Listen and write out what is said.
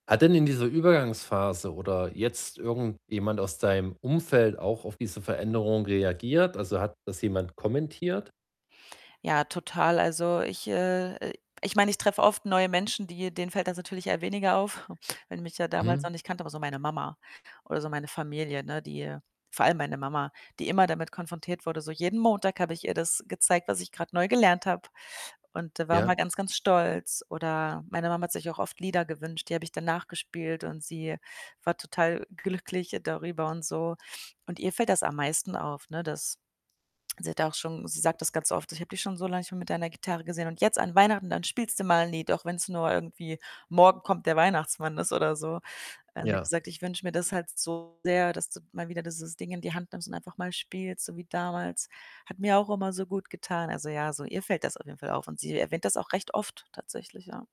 Hat denn in dieser Übergangsphase oder jetzt irgendjemand aus deinem Umfeld auch auf diese Veränderung reagiert? Also, hat das jemand kommentiert? Ja, total. Also ich äh, äh, ich meine, ich treffe oft neue Menschen, die denen fällt das natürlich eher weniger auf, weil die mich ja damals noch Mhm. nicht kannte, aber so meine Mama oder so meine Familie, ne, die vor allem meine Mama, die immer damit konfrontiert wurde. So jeden Montag habe ich ihr das gezeigt, was ich grad neu gelernt habe. Und da war Ja. man ganz, ganz stolz. Oder meine Mama hat sich auch oft Lieder gewünscht, die habe ich dann nachgespielt und sie war total glücklich darüber und so. Und ihr fällt das am meisten auf, ne, dass sie hat auch schon sie sagt das ganz oft: „Ich habe dich schon so lange nicht mehr mit deiner Gitarre gesehen und jetzt an Weihnachten, dann spielst du mal ’n Lied, auch wenn’s nur irgendwie „Morgen kommt der Weihnachtsmann“ ist oder so.“ Also, sie hat Ja. gesagt: „Ich wünsche mir das halt so sehr, dass du mal wieder dieses Ding in die Hand nimmst und einfach mal spielst, so wie damals. Hat mir auch immer so gut getan.” Also ja, so, ihr fällt das auf jeden Fall auf und sie erwähnt das auch recht oft tatsächlich, ja.